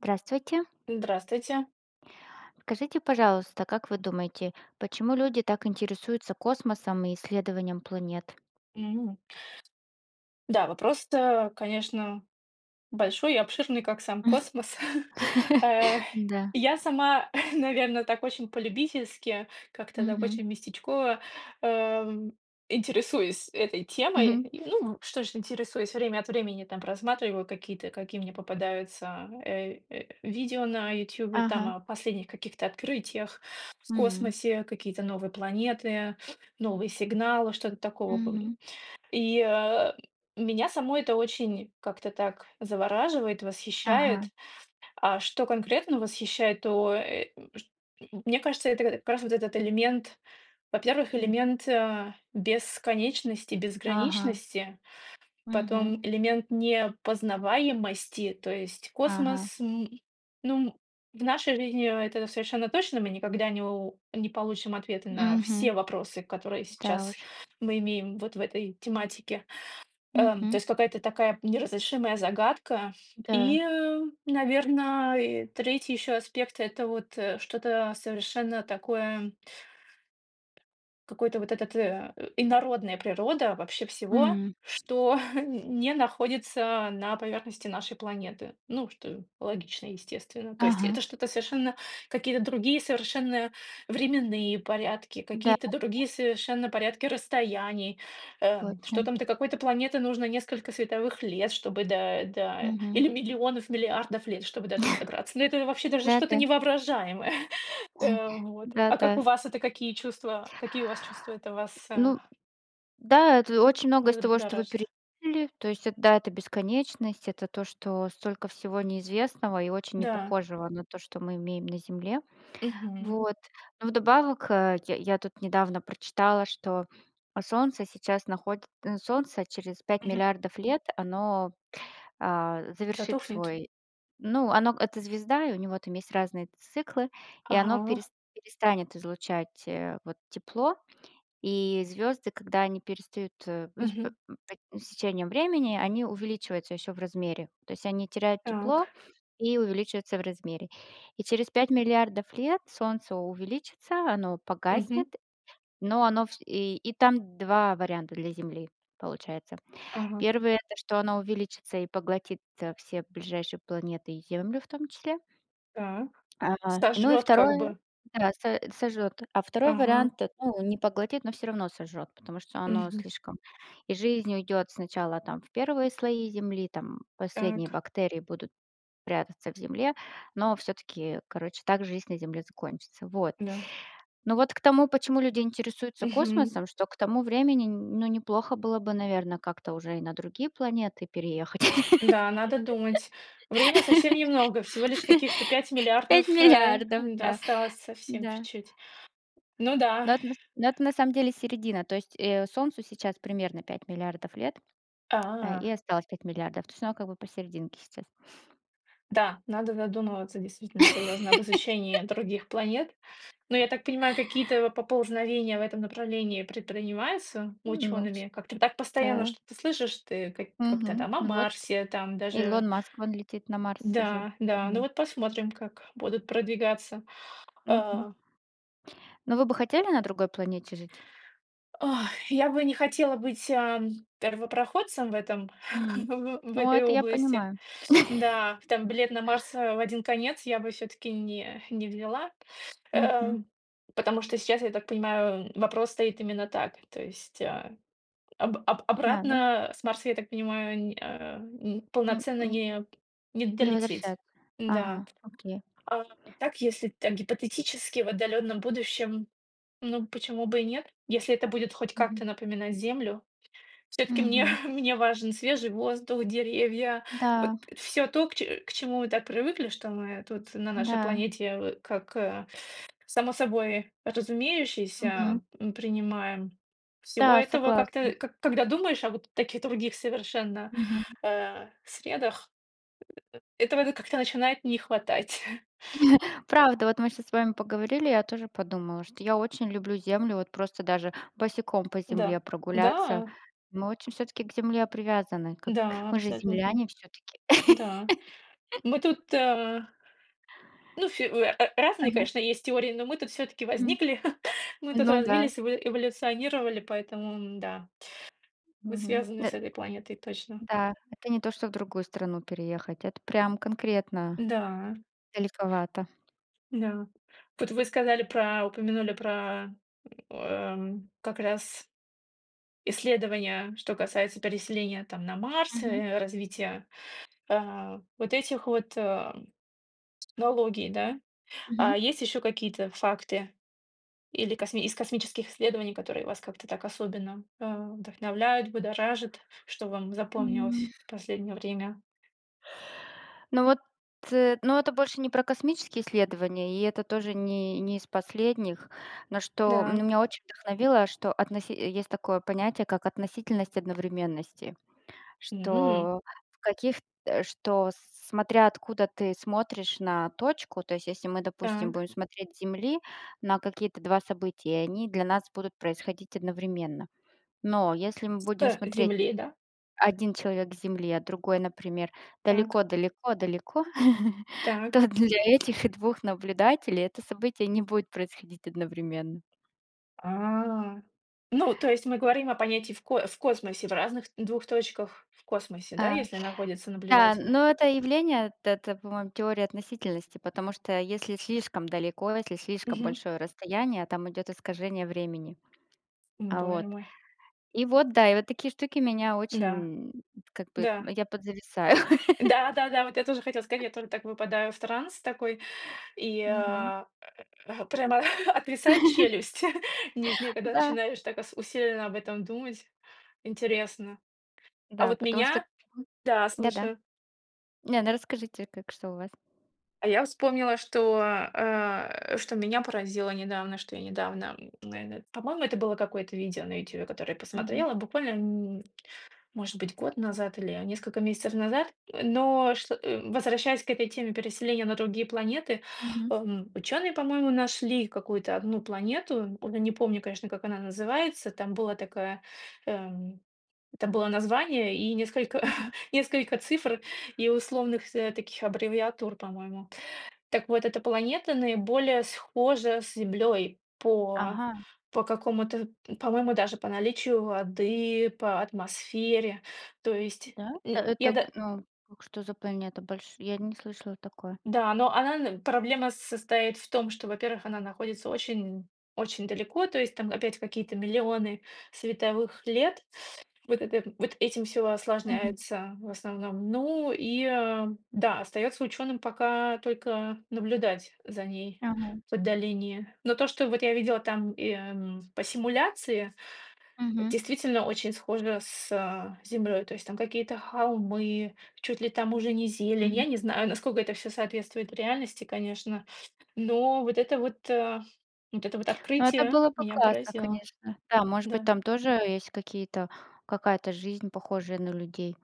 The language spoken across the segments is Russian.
Здравствуйте. Здравствуйте. Скажите, пожалуйста, как вы думаете, почему люди так интересуются космосом и исследованием планет? М. Да, вопрос это, конечно, большой и обширный, как сам космос, э, Да. я сама, наверное, так очень по-любительски, как-то так Мгм. очень местечково, эм, интересуюсь этой темой. Мгм. Ну, что ж, интересуюсь время от времени там просматриваю, какие мне попадаются, э э, видео на "Ютубе", там Ага. о последних каких-то открытиях в М. космосе, какие-то новые планеты, новые сигналы, что-то такого пом Мгм. и, э, меня само это очень как-то так завораживает, Ага. восхищает. А что конкретно восхищает, то, э, чт мне кажется, это как раз вот этот элемент, во-первых, Хм. элемент, э, бесконечности, Ага. безграничности, Мгм. потом элемент непознаваемости, то есть Ага. космос, м, ну в нашей жизни это совершенно точно, мы никогда не у не получим ответа на Мгм. все вопросы, которые Да сейчас уж. мы имеем вот в этой тематике, э, то Мгм. есть какая-то такая неразрешимая загадка. Да. И, наверно, и 3 ещё аспект это вот, э, что-то совершенно такое какой-то вот этот, э, инородная природа вообще всего, М. что не находится на поверхности нашей планеты. Ну, что логично, естественно. То есть Ага. это что-то совершенно, какие-то другие совершенно временные порядки, Да, какие-то да. другие совершенно порядки расстояний, э, что Точно. там до какой-то планеты нужно несколько световых лет, чтобы до до Мгм. или миллионов миллиардов лет, чтобы дотуда добраться. Ну, это вообще даже что-то Да-да. не воображаемое. А вот, а Да-да. как у вас это, какие чувства, какие у вас чувства это вас, э Ну, м, да, это очень многое из в того, что вы будоражит. перечислили. То есть, это да, это бесконечность, это то, что столько всего неизвестного, и очень Да. непохожего на то, что мы имеем на Земле. Мгм. Вот. Но вдобавок, а, я я тут недавно прочитала, что Солнце сейчас находит Солнце через пять Мгм. миллиардов лет оно, а, завершит Затухнет? свой ну, оно это звезда, и у него там есть разные циклы, и оно Ага. перес перестанет излучать, э, вот тепло. И звёзды, когда они перестают, э, ну с п Мгм. с течением времени, они увеличиваются ещё в размере. То есть они теряют тепло, Так. и увеличиваются в размере. И через 5 000 000 000 лет Солнце увеличится, оно Мгм. погаснет, но оно вс и и там 2 варианта для Земли получается. Ага. 1, это что оно увеличится и поглотит, а, все ближайшие планеты, и Землю в том числе... Так. а, ну и Сожжет как 2 бы. да со сожжет. А 2 Ага. вариант ну, не поглотит, но всё равно сожжет, потому что оно Мгм. слишком И жизнь уйдет сначала там в 1 слои земли, там последние Так. бактерии будут прятаться в земле, но все-таки, короче, так жизнь на земле закончится. Вот. Да. Но вот к тому, почему люди интересуются Мгм. космосом, что к тому времени, нь ну, неплохо было бы, наверное, как-то уже и на другие планеты переехать. Да, надо думать. Время совсем немного, всего лишь каких-то пять пять миллиардов, э, миллиардов, да. осталось совсем Да. чуть-чуть. Ну да. Но это но это на самом деле середина. То есть, э, солнцу сейчас примерно 5 000 000 000 лет, и А. осталось 5 000 000 000. То есть оно как бы посерединке сейчас. Да, надо задумываться действительно серьёзно об изучении других планет. Но я так понимаю, какие-то поползновения в этом направлении предпринимаются Ну нос учёными? Как-то так постоянно да. что-то слышишь, ты к как-то Мгм, там о ну вот Марсе там даже Илон Маск, вон, летит на Марс уже Да, да, ну давно. вот посмотрим, как будут продвигаться, Мгм. э Но вы бы хотели на другой планете жить? Ой, я бы не хотела быть, эм, первопроходцем в этом, М, в в ну, этой это я области. понимаю. Да, там билет на Марс, э, в один конец я бы всё-таки не не взяла, э, Мгм. потому что сейчас, я так понимаю, вм опрос стоит именно так. То есть, об об Надо. обратно, э, с Марса, я так понимаю, не, а, м, М полноценно м, не не не долететь. возвращаться. Да. Ага, окей. А так, если так, гипотетически, в отдалённом будущем, ну, почему бы и нет, если это будет хоть Мгм. как-то напоминать Землю. Всё-таки мне Мгм. мне важен свежий воздух, деревья, вот Да. всё то, к че к чему мы так привыкли, что мы тут на нашей Да. планете, в как, э, само собой Мгм. разумеющееся, м, принимаем. Всего Да, этого согласна. как-то, к когда думаешь о вот таких других совершенно, Мгм. э, средах, э этого как-то начинает не хватать. Правда, вот мы щас с вами поговорили, я тоже подумала, что я очень люблю землю, вот просто даже босиком по Да. земле прогуляться. Да? Мы очень всё-таки к Земле привязаны, как Да, мы же абсолютно. земляне всё-таки. Да, мы тут э ну всё, э, э, разные, Ага. конечно, есть теории, но мы-то всё-таки М. возникли. Мы тут Ну да. развились, эво эволюционировали, поэтому, м-да, мы Мгм, связаны нэ с да этой планетой точно. Да, это не то, что в другую страну переехать. Это прям конкретно, Да. далековато. Да. Вот вы сказали про, упомянули про. М, эм, как раз исследование, что касается переселения там на Марс, Мгм. э, развития, э, вот этих вот, э, технологий, да. Мгм. А есть ещё какие-то факты или косми из космических исследований, которые вас как-то так особенно, э, вдохновляют, будоражат, что вам М. запомнилось в последнее время? Ну вот, э, но это больше не про космические исследования, и это тоже не не из последних. Но что Да. меня очень вдохновило, что относи есть такое понятие, как относительность одновременности, М. что в каких э, что смотря откуда ты смотришь на точку, то есть если мы, допустим, Так. будем смотреть с Земли на какие-то 2 события, и они для нас будут происходить одновременно. Но если мы С будем смотреть земли, да? 1 человек с Земли, а другой, например, Так. далеко далеко далеко, Так. то для этих 2 наблюдателей это событие не будет происходить одновременно. А. Ну, то есть мы говорим о понятии в ко в космосе в разных двух точках в космосе, да, Э, если находятся да наблюдатели? ну это С явление, т это по-моему, теория относительности, потому что если слишком далеко, если слишком Мгм. большое расстояние, там идёт искажение времени. Ну А боже вот. мой. И вот да, и вот такие штуки меня Да. очень, м, как бы, Да. я подзависаю. Да-да-да. Вот я тоже хотела сказать, я только так выпадаю в транс такой, и, Мгм. а, а, прямо отвисает челюсть нижняя, когда Да. начинаешь так ас усиленно об этом думать, интересно. А Да, вот потому что меня м Да, да-да. слушаю. Не, ну расскажите, как что у вас. А я вспомнила, что, э, что меня поразило недавно, что я недавно, м, наверное, по-моему это было какое-то видео на "Ютубе", которое я Мгм. посмотрела, буквально, м, может быть год назад, или несколько месяцев назад, но что возвращаясь к этой теме, переселения на другие планеты, Мгм. эм, учёные, по-моему, нашли какую-то одну планету. Уже не помню, конечно, как она называется. Там было такое эм это было название, и несколько Мгм. несколько цифр, и условных таких аббревиатур, по-моему. Так вот эта планета наиболее схожа с Землёй по Ага. по какому то, пм по-моему даже по наличию воды, по атмосфере. То есть, Да, м, это я это, да ну, что за планета, бальш я не слышала такое. Да, но она н проблема состоит в том, что, во-первых, она находится очень, очень далеко, то есть там опять какие-то миллионы световых лет. Вот это вот этим всё Мгм. осложняется, в основном. Ну и да, остаётся учёным пока только наблюдать за ней Ага. в отдалении. Но то, что вот я видела там, эм, по симуляции, Мгм. действительно, очень схоже с Землёй. То есть там какие-то холмы, чуть ли там уже не зелень. М. Я не знаю, насколько это всё соответствует реальности, конечно, но вот это вот, э, вот это вот Ну это открытие было бы меня классно, поразило. конечно. Да, может быть, Да. там тоже есть какие-то какая-то жизнь, похожая на людей.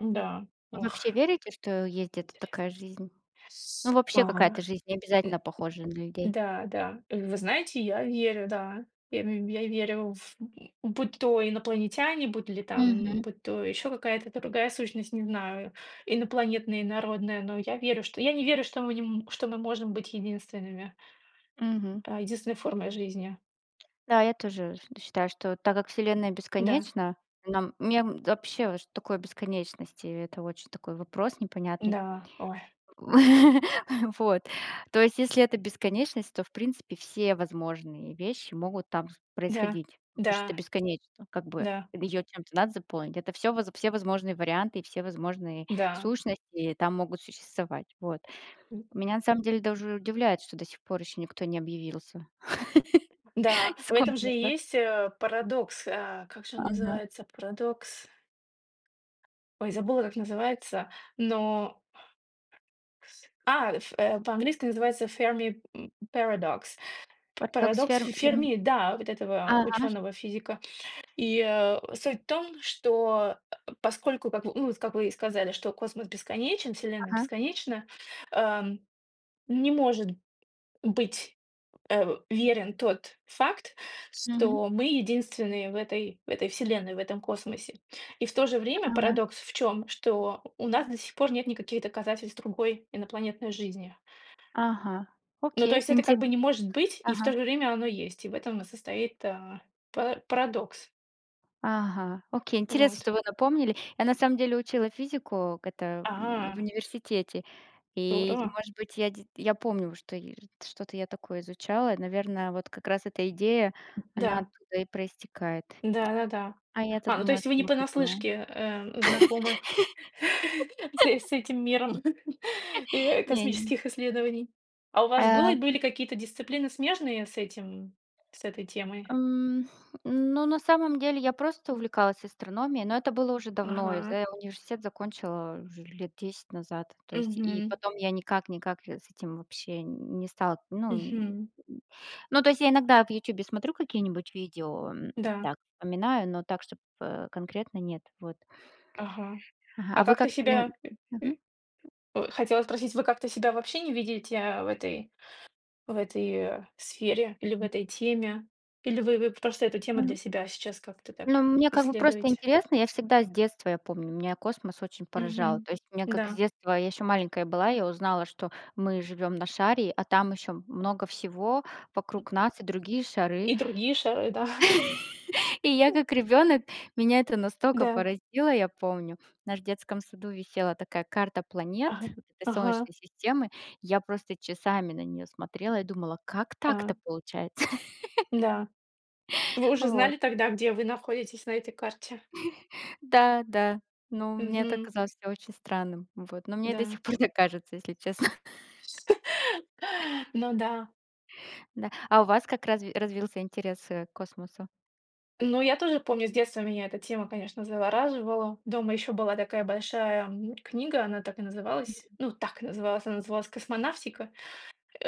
Да, Вы ох, вообще верите, что есть где-то интерес. такая жизнь? Ну С да. вообще какая-то жизнь, Э, м необязательно похожа на м, людей. да, да. Вы знаете, я верю, да. Я мь верю в м будь то инопланетяне, м, Мгм. будь то ещё какая то другая сущность, не знаю, инопланетная, инородная, но я верю что я не верю, что мы н что мы можем быть единственными. Мгм. А, единственной формой жизни. Да, я тоже шт считаю, что так как вселенная Да. бесконечна, но нам не м вообще, что такое бесконечность- и это очень такой вопрос непонятный. Да, ой. Вот, то есть, если это бесконечность, то, в принципе, все возможные вещи могут там с Да. происходить. Может, это Да. бесконечно, как бы, Да. её чем-то надо заполнить. Это всё воз все возможные варианты и все возможные Да. сущности там могут существовать. Вот. М. Меня на самом деле даже удивляет, что до сих пор ещё никто не объявился Да, с в этом же и космоса. есть, э, парадокс, э, как же он Ага. называется? Парадокс. Ой, забыла, как называется, но кс а, в по-английски называется Fermi, м, Paradox- па Так так Парадокс серм фим Ферми, да, вот этого, да, э, ага наш ученого-физика. И, э, суть в том, что, э, поскольку, как в ну вот как вы и сказали, что космос бесконечен, вселенная Ага. бесконечна, эм, не может быть, э, верен тот факт, Мгм. что мы единственные в этой в этой вселенной, в этом космосе. И в то же время Ага. парадокс в чём: что у нас до сих пор нет никаких доказательств другой инопланетной жизни. Ага, Ну то окей. есть это Инте как бы не может быть, и в то же ага. время оно есть, и в этом и состоит, э, пара парадокс. Ага, окей, интересно, Вот. что вы напомнили. Я на самом деле учила физику к это в А. университете. И Здорово. может быть, я де я помню, что р что-то я такое изучала. Наверное, вот как раз эта идея, Э, она да. оттуда и проистекает. Да-да-да. А я-то А, ну то думала, я есть вы не сама придумала. понаслышке, э, знакомы. С с этим миром, э, Не нь космических исследований? А у вас было Э были какие-то дисциплины смежные с этим, с этой темой? М, ну, на самом деле я просто увлеклась астрономией. Но это было уже давно. Я Ага. за университет закончила уже лет 10 назад. То есть, и Мгм. потом я никак-никак, э, с этим вообще н не стал Н ну, Мгм. ну то есть, я иногда в "Ютубе" смотрю какие-нибудь видео. Да. Так, вспоминаю, но так, чтобы, э, конкретно нет. Вот. А вы как-то Ага. Ага А а вы как-то как вынь себя э, э, мгм. ой, хотела спросить, вы как-то себя вообще не видите, э, в этой в этой, э, сфере, или в Мгм. этой теме? Или вы вы просто эту тему для М. себя сейчас как-то так, Ну, мне как бы просто исследуете? интересно. Я всегда с детства я помню. Меня космос очень поражал. Мгм. То есть мне как с Да. детства, я ещё маленькая была, я узнала, что мы живём на шаре, а там ещё много всего вокруг нас и другие шары. И другие шары, да? И я как ребёнок, меня это настолько Да. поразило, я помню. В нашем детском саду висела такая карта планет, Ага. этой Ага. солнечной системы. Я просто часами на неё смотрела и думала, как Да. так-то получается? Да. Вы уже Вот. знали тогда, где вы находитесь на этой карте? Да, да. Ну мне это Мгм. казалось всё очень странным, вот. Ну, мне и до Да. сих пор так кажется, если честно. С Ну да. Да, а у вас как разви развился интерес, э, к космосу? Ну я тоже помню с детства меня эта тема, конечно, завораживала. Дома ещё была такая большая, м, книга, она так и называлась, Мгм. ну так называлась, она называлась "Космонавтика".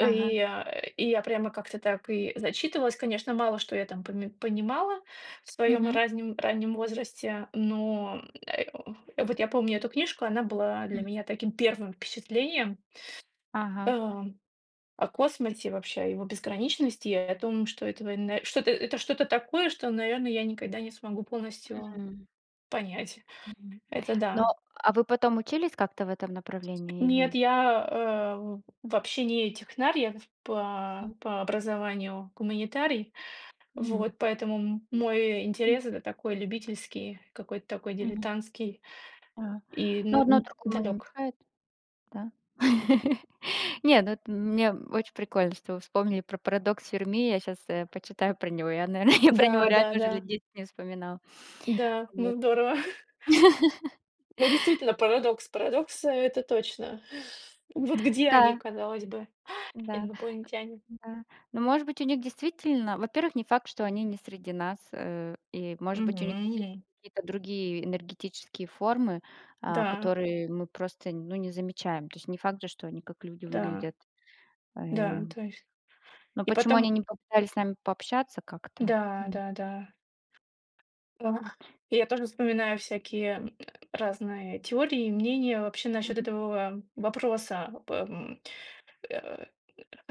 Ага. э, и я прямо как-то так и зачитывалась. Конечно, мало что я там поми понимала в своем Мгм. разним раннем возрасте, но, э, м, вот я помню эту книжку, была для Мгм. меня таким первым впечатлением, Ага. эм, о космосе, вообще о его безграничности, и о том, что это вн что это что-то такое, что, наверное, я никогда не смогу полностью М понять. Мгм. Это Ну, да. а вы потом учились как-то в этом направлении Нет, или я, э, вообще не технарь, я М по по образованию гуманитарий. Мгм. Вот поэтому м мой М интерес это такой любительский, какой-то такой Мгм. дилетантский Да, и н ну, а, одно другому не далек. мешает, да? Нет, ну это мне очень прикольно, что вы вспомнили про Парадокс Ферми. Я щас, уэ, почитаю про него. Я, наверное, я про него реально уже Да-да-да. лет 10 не вспоминала, Да. вот. Ну, здорово. Ну, действительно, парадокс парадокса- это точно. Вот где они, Да. казалось бы, Да, инопланетяне? э, да. Ну, может быть, у них действительно, во-первых, не факт, что они не среди нас, э, и может быть, у них действительно Мгм. какие-то другие энергетические формы, а, Да. которые мы просто, н ну, не замечаем. То есть не факт же, что они как люди Да. выглядят. Э. Да, то есть, Но и почему они потом не попытались с нами пообщаться как-то, Да, м да, да. А. Я тоже вспоминаю всякие, М м, разные теории, и мнения вообще насчет Мгм. этого вопроса. По, м, э,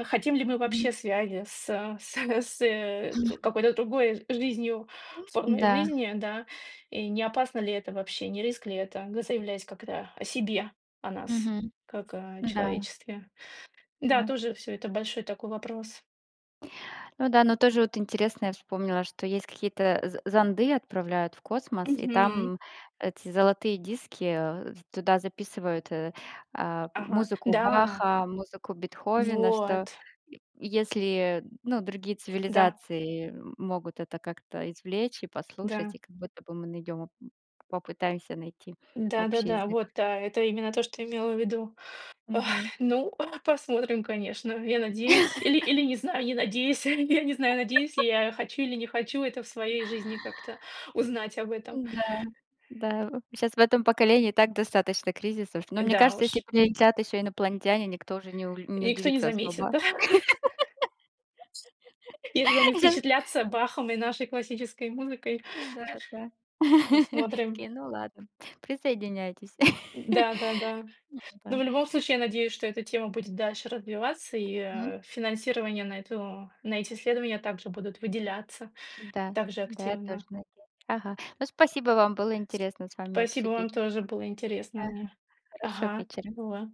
хотим ли мы Мгм. вообще связи с с с, э, Мгм. какой-то другой жизнью, формой М-да. жизни, да? И не опасно ли это вообще, не риск ли это, заявлять как-то о себе, о нас Мгм, как о да. человечестве? Да, Да. тоже всё это большой такой вопрос. Ну да, но тоже вот интересно, я вспомнила, что есть какие-то з зонды, отправляют в космос, и Мгм. там эти золотые диски туда записывают, э, а, Ага. музыку Да. Баха, музыку Бетховена, что Вот. е если, ну другие Да. цивилизации могут это как-то извлечь и послушать, и Да. как будто бы мы найдём, попытаемся найти общий Да-да-да, язык. вот, а, это именно то, что имела ввиду. Ой, Мгм. ну посмотрим, конечно, я надеюсь или или не знаю, не надеюсь, я не знаю, надеюсь ли я, хочу или не хочу это в своей жизни как-то узнать об этом. Н-да, да, щас в этом поколении и так достаточно кризисов. Но мне Да кажется, если уж. прилетят ещё инопланетяне, никто уже не у И не никто не удивится заметит, особо. да. Если они Да! впечатлятся, Бахом и нашей классической музыкой, Да, да. посмотрим. Окей, ну ладно, присоединяйтесь. Да-да-да. Но в Да. любом случае, я надеюсь, что эта тема будет дальше развиваться, и, Мгм. э, финансирование на эту на эти исследования также будут выделяться, Да с также да я активно. тоже неде ага ну спасиюо вам, было С интересно с вами спасибо вам, обсудить. тоже интересно было Ага. мне. Хорошего Ага, вечера. и во